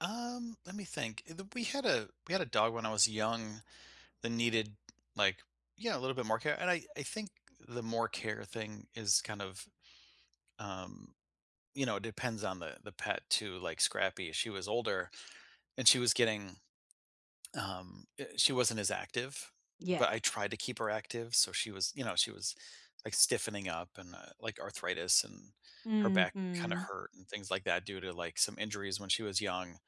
Um, let me think. Uh, the we had a we had a dog when I was young that needed, like Yeah, a little bit more care, and I I think the more care thing is kind of, um you know, it depends on the the pet, too. Like, Scrappy, she was older, and she was getting, um, e She wasn't as active, but I Yes. tried to keep her active, so she was you know, she was, like, stiffening up, and, uh, like, arthritis, and her back kinda Mhm. hurt and things like that due to, like, some injuries when she was young,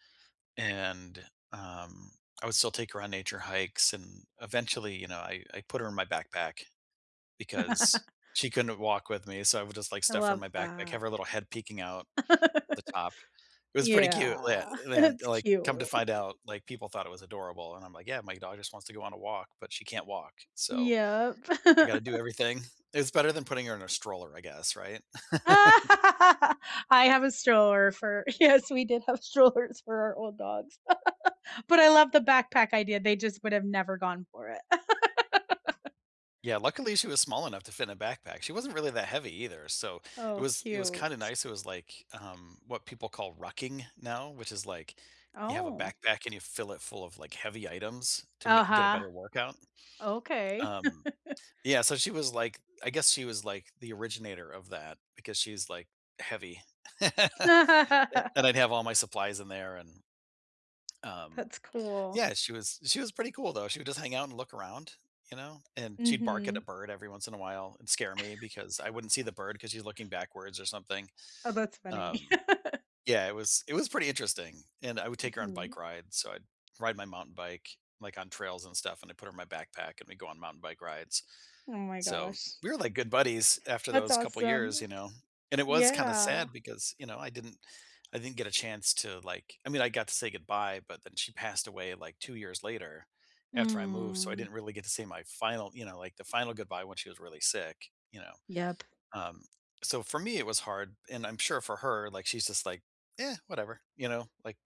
and, um, I would still take her on nature hikes, and eventually, you know, I I put her in my backpack because she couldn't walk with me, so, I would just, like, I stuff her in love my backpack, have that. her little head peeking out at the top. It was pretty cute, le and Yeah, la and that's then, like, come to cute. find out, like, people thought it was adorable, and I'm like, "Yeah, my dog just wants to go on a walk, but she can't walk, so Yep. I gotta do everything." It's better than putting her in a stroller, I guess, right? I have a stroller for Yes, we did have strollers for our old dogs. But I love the backpack idea, they just would've never gone for it. Yeah, luckily, she was small enough to fit in a backpack. She wasn't really that heavy either, so it Oh, was it was cute. kinda nice, it was like, um, what people call rucking now, which is, like, you have a Oh. backpack and you fill it full of, like, heavy items to ma get a Uh-huh. better workout, Okay. um Yeah. So, she was, like I guess she was, like, the originator of that, because she is, like, heavy, and and I'd have all my supplies in there, and um That's cool. Yeah, she was she was pretty cool, though. She would just hang out and look around, you know, and she'd bark at a Mhm. bird every once in a while, and scare me because I wouldn't see the bird 'cause she's looking backwards or something, Oh, that's funny. um Yeah, it was it was pretty interesting, and I would take her on Mhm. bike rides, so, I'd ride my mountain bike, like, on trails and stuff, and I'd put her in my backpack, and we'd go on mountain bike rides. Oh my So, gosh. we were like good buddies after That's those couple years, awesome. you know, and it was kinda Yeah. sad because, you know, I didn't I didn't get a chance to, like I mean, I got to say goodbye, but then she passed away like 2 years later after I moved, so I Mm. didn't really get to say my final you know, like the final goodbye when she was really sick, you know? Yep. Um, so, for me, it was hard, and I'm sure for her, like, she's just like, "Yeah, whatever." You know, like,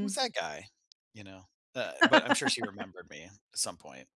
"Who's that guy?" you know? Uh, but I'm sure she remembered me at some point.